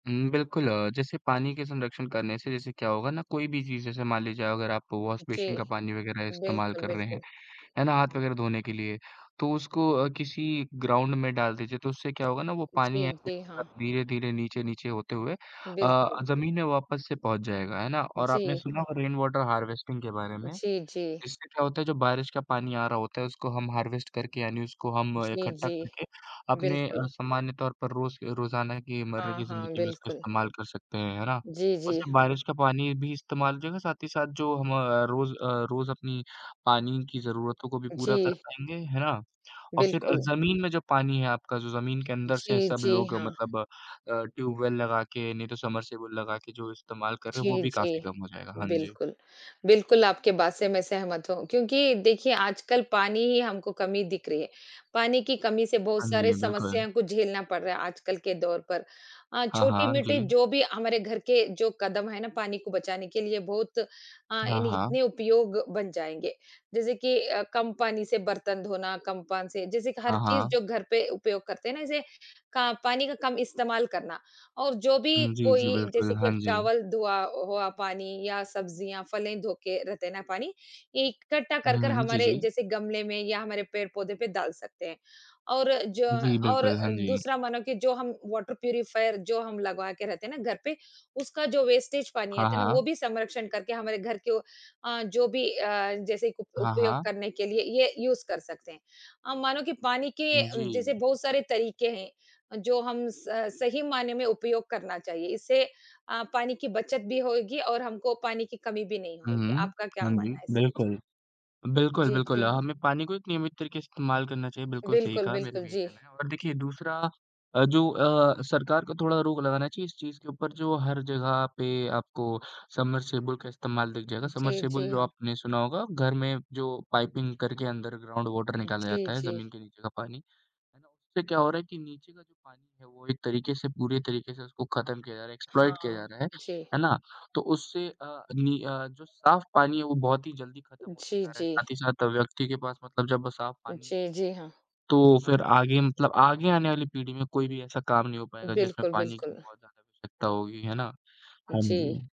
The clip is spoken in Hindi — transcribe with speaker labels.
Speaker 1: हुँ, हुँ, बिल्कुल अ, जैसे पानी के संरक्षण करने से जैसे क्या होगा ना, कोई भी चीज़ जैसे मान लीजिए अगर आप वॉश
Speaker 2: जी।
Speaker 1: बेसिन का पानी वगैरह इस्तेमाल
Speaker 2: बिल्कुल,
Speaker 1: कर रहे हैं,
Speaker 2: बिल्कुल।
Speaker 1: है ना? हाथ वगैरह धोने के लिए, तो उसको अ, किसी ग्राउंड में डाल दीजिए। तो उससे क्या होगा ना वो पानी
Speaker 2: जी, जी हाँ।
Speaker 1: [unintelligible] धीरे-धीरे नीचे-नीचे होते हुए अ,
Speaker 2: बिल्कुल।
Speaker 1: ज़मीन में वापस से पहुँच जाएगा, है ना? और आपने
Speaker 2: जी।
Speaker 1: सुना होगा रेन वाटर हार्वेस्टिंग के बारे में,
Speaker 2: जी, जी।
Speaker 1: इससे क्या होता है जो बारिश का पानी आ रहा होता है, उसको हम हार्वेस्ट करके यानी उसको हम
Speaker 2: जी,
Speaker 1: इकट्ठा
Speaker 2: जी।
Speaker 1: करके अपने अ,
Speaker 2: बिल्कुल।
Speaker 1: सामान्य तौर पर रोज़ रोज़ाना की मर्रे
Speaker 2: हाँ,
Speaker 1: की
Speaker 2: हाँ,
Speaker 1: ज़िंदगी में उसका
Speaker 2: बिल्कुल।
Speaker 1: इस्तेमाल कर सकते हैं, है ना?
Speaker 2: जी,
Speaker 1: उससे
Speaker 2: जी।
Speaker 1: बारिश का पानी भी इस्तेमाल हो जाएगा, साथ ही साथ जो हम अ, रोज़ अ, रोज़ अपनी पानी की ज़रूरतों को भी पूरा कर
Speaker 2: जी।
Speaker 1: पाएँगे, है ना? और फिर
Speaker 2: बिल्कुल।
Speaker 1: ज़मीन में जो पानी है आपका जो ज़मीन के अंदर से
Speaker 2: जी,
Speaker 1: सब
Speaker 2: जी
Speaker 1: लोग
Speaker 2: हाँ।
Speaker 1: मतलब अ, ट्यूबवेल लगा के, नहीं तो समर्सिबल लगा के जो इस्तेमाल कर रहे हैं, वो
Speaker 2: जी,
Speaker 1: भी
Speaker 2: जी
Speaker 1: काफ़ी कम हो जाएगा। हाँ जी।
Speaker 2: बिल्कुल। बिल्कुल, आपकी बात से मैं सहमत हूँ क्योंकि देखिए आजकल पानी ही हमको कमी दिख रही है। पानी की कमी से बहुत
Speaker 1: हाँ
Speaker 2: सारें
Speaker 1: जी, बिल्कुल।
Speaker 2: समस्याओं को झेलना पड़ रहा है आजकल के दौर पर अ,
Speaker 1: हाँ, हाँ
Speaker 2: छोटी-मोटी
Speaker 1: जी।
Speaker 2: जो भी हमारे घर के जो कदम है ना पानी को बचाने के लिए बहुत अ,
Speaker 1: हाँ,
Speaker 2: यानी
Speaker 1: हाँ।
Speaker 2: इतने उपयोग बन जाएँगे। जैसे कि अ, कम पानी से बर्तन धोना, कम पान से जैसे कि हर
Speaker 1: हाँ,
Speaker 2: चीज़
Speaker 1: हाँ।
Speaker 2: जो घर पे उपयोग करते हैं ना, जैसे का पानी का कम इस्तेमाल करना और जो भी
Speaker 1: हुँ, जी, जी,
Speaker 2: कोई
Speaker 1: बिल्कुल,
Speaker 2: जैसे कि
Speaker 1: हाँ
Speaker 2: अब
Speaker 1: जी।
Speaker 2: चावल धुआ हुआ पानी या सब्जियाँ, फलें धो के रहते हैं ना पानी, इकट्ठा कर-कर
Speaker 1: हुँ, जी,
Speaker 2: हमारे
Speaker 1: जी।
Speaker 2: जैसे गमले में या हमारे पेड़-पौधे पे डाल सकते हैं। और जो
Speaker 1: जी,
Speaker 2: और
Speaker 1: बिल्कुल, हाँ जी।
Speaker 2: दूसरा मानो कि जो हम वॉटर प्यूरीफायर जो हम लगवा के रहते हैं ना घर पे, उसका जो वेस्टेज पानी
Speaker 1: हाँ,
Speaker 2: आता है ना वो
Speaker 1: हाँ।
Speaker 2: भी संरक्षण करके हमारे घर के अ, जो भी अ, जैसे क
Speaker 1: हाँ,
Speaker 2: उपयोग
Speaker 1: हाँ।
Speaker 2: करने के लिए ये यूज़ कर सकते हैं। अ, मानो कि पानी के
Speaker 1: जी।
Speaker 2: जैसे बहुत सारे तरीके हैं अ, जो हम स सही मायने में उपयोग करना चाहिए, इससे अ, पानी की बचत भी होएगी और हमको पानी की कमी भी नहीं
Speaker 1: हुँ,
Speaker 2: होएगी।
Speaker 1: हुँ,
Speaker 2: आपका क्या
Speaker 1: हाँ जी,
Speaker 2: मानना है इसमे जी?
Speaker 1: बिल्कुल। बिल्कुल,
Speaker 2: जी,
Speaker 1: बिल्कुल
Speaker 2: जी, हाँ।
Speaker 1: हमें पानी को एक नियमित तरीके से इस्तेमाल करना चाहिए, बिल्कुल सही
Speaker 2: बिल्कुल,
Speaker 1: कहा, मेरा
Speaker 2: बिल्कुल,
Speaker 1: भी यही
Speaker 2: जी।
Speaker 1: कहना है और देखिए दूसरा अ, जो अ, सरकार को थोड़ा रोक लगाना चाहिए इस चीज़ के ऊपर जो हर जगह पे आपको समर्सिबल का इस्तेमाल दिख जाएगा।
Speaker 2: जी,
Speaker 1: समर्सिबल
Speaker 2: जी
Speaker 1: जो
Speaker 2: हाँ।
Speaker 1: आपने सुना होगा, घर में जो पाइपिंग करके अंडर ग्राउंड वॉटर निकाला
Speaker 2: जी,
Speaker 1: जाता है
Speaker 2: जी।
Speaker 1: ज़मीन के नीचे का पानी। है ना? उससे क्या हो रहा है कि नीचे का जो पानी है वो एक तरीके से पूरे तरीके से उसको खत्म किया जा रहा है, एक्सप्लॉइट किया
Speaker 2: हाँ
Speaker 1: जा रहा है,
Speaker 2: जी।
Speaker 1: है ना? तो उससे अ, नी अ, जो साफ पानी है वो बहुत ही जल्दी खत्म होते
Speaker 2: जी,
Speaker 1: जा रहा है,
Speaker 2: जी।
Speaker 1: साथ ही साथ व्यक्ति के पास मतलब जब साफ पानी नहीं रहेगा,
Speaker 2: जी, जी हाँ।
Speaker 1: तो फिर आगे मतलब आगे आने वाली पीढ़ी में कोई भी ऐसा काम नहीं हो पाएगा जिसमें
Speaker 2: बिल्कुल,
Speaker 1: पानी की
Speaker 2: बिल्कुल।
Speaker 1: बहुत ज़्यादा आवश्यकता होगी, है ना? हाँ जी।
Speaker 2: जी।